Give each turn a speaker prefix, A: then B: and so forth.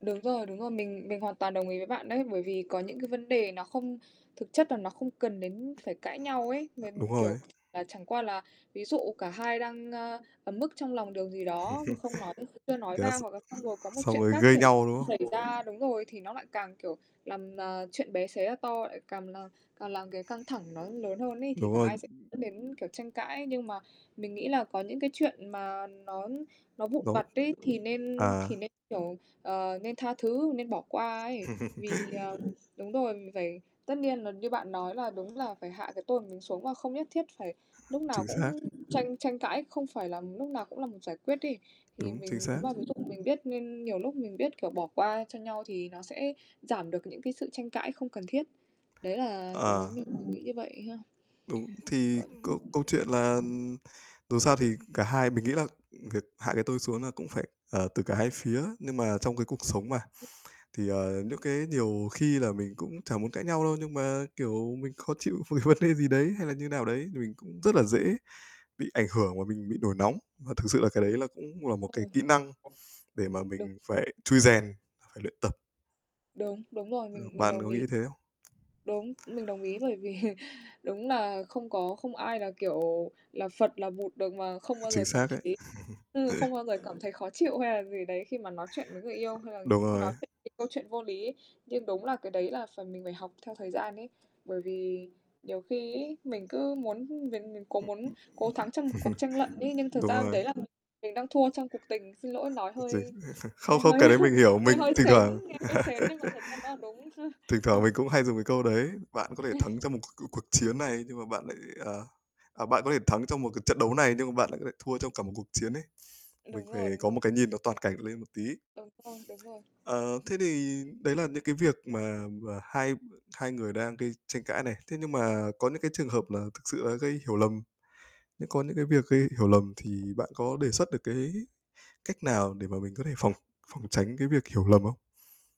A: Đúng rồi, đúng rồi. Mình mình hoàn toàn đồng ý với bạn đấy, bởi vì có những cái vấn đề nó không thực chất là nó không cần đến phải cãi nhau ấy, m
B: Đúng
A: kiểu,
B: rồi.
A: và chẳng qua là ví dụ cả hai đang, ơ, ấm ức trong lòng điều gì đó mà không nói chưa nói ra,
B: Yes,
A: hoặc là xong rồi có một
B: xong
A: chuyện
B: rồi
A: khác
B: gây
A: xảy
B: nhau, đúng không?
A: xảy ra đúng rồi. Thì nó lại càng, kiểu, làm, à, chuyện bé xé ra to, lại càm là càng làm cái căng thẳng nó lớn hơn ấy, thì
B: Đúng
A: cả
B: rồi.
A: hai sẽ dẫn đến, kiểu, tranh cãi. Nhưng mà mình nghĩ là có những cái chuyện mà nó nó vụn
B: Đó
A: vặt ấy, thì nên
B: à.
A: thì nên, kiểu, ờ, nên tha thứ, nên bỏ qua ấy, vì, ờ đúng rồi. Mình phải tất nhiên là như bạn nói là đúng, là phải hạ cái tôi của mình xuống, và không nhất thiết phải lúc nào
B: Chính xác.
A: cũng tranh tranh cãi, không phải làm lúc nào cũng là một giải quyết ấy. Thì
B: Đúng, chính
A: mình nếu
B: xác.
A: mà ví dụ mình biết nên nhiều lúc mình biết, kiểu, bỏ qua cho nhau thì nó sẽ giảm được những cái sự tranh cãi không cần thiết, đấy là đối với
B: Ờ.
A: mình, mình nghĩ như vậy ha.
B: Đúng. Thì câu câu chuyện là,
A: [unintelligible]
B: ừm, dù sao thì cả hai mình nghĩ là việc hạ cái tôi xuống là cũng phải, ờ, từ cả hai phía. Nhưng mà trong cái cuộc sống mà, thì, ờ, những cái nhiều khi là mình cũng chả muốn cãi nhau đâu, nhưng mà, kiểu, mình khó chịu về vấn đề gì đấy hay là như nào đấy, thì mình cũng rất là dễ bị ảnh hưởng và mình bị nổi nóng. Và thực sự là cái đấy là
A: [unintelligible]
B: cũng là một cái
A: Rồi.
B: kỹ năng để mà
A: Đúng.
B: mình phải trui rèn và phải luyện tập.
A: Đúng, đúng rồi,
B: Ờ,
A: mình mình
B: bạn
A: đồng
B: có nghĩ
A: ý.
B: thế không?
A: Đúng, mình đồng ý, bởi vì đúng là không có, không ai là, kiểu, là Phật, là Bụt được mà không bao
B: Chính
A: giờ cảm
B: xác đấy.
A: thấy ừ, không bao giờ cảm thấy khó chịu hay là gì đấy khi mà nói chuyện với người yêu, hay là
B: Đúng
A: cứ nói
B: rồi.
A: chuyện về câu chuyện vô lý. Nhưng đúng là cái đấy là phải mình phải học theo thời gian ấy, bởi vì nhiều khi ấy, mình cứ muốn biến biến cố muốn cố thắng trong một cuộc tranh luận ấy, nhưng thực
B: Đúng
A: ra
B: rồi.
A: đấy là mình đang thua trong cuộc tình. Xin lỗi nói
B: Ôi trời!
A: hơi
B: Không,
A: nghe
B: không,
A: hơi
B: cái đấy mình hiểu,
A: nghe
B: mình
A: hơi
B: thỉnh thoảng
A: sến nghe hơi sến, nhưng mà thật ra nó là đúng.
B: thỉnh thoảng mình cũng hay dùng cái câu đấy. Bạn có thể thắng trong một c c cuộc chiến này, nhưng mà bạn lại, à à, bạn có thể thắng trong một cái trận đấu này, nhưng mà bạn lại có thể thua trong cả một cuộc chiến ấy. Mình
A: Đúng
B: phải
A: rồi, đúng
B: có một
A: rồi.
B: cái nhìn toàn cảnh lên một tí.
A: Đúng rồi, đúng rồi.
B: Ờ, thế thì đấy là những cái việc mà mà hai b hai người đang gây tranh cãi này, thế nhưng mà có những cái trường hợp là thực sự là gây hiểu lầm, những có những cái việc gây hiểu lầm. Thì bạn có đề xuất được cái cách nào để mà mình có thể phòng phòng tránh cái việc hiểu lầm không?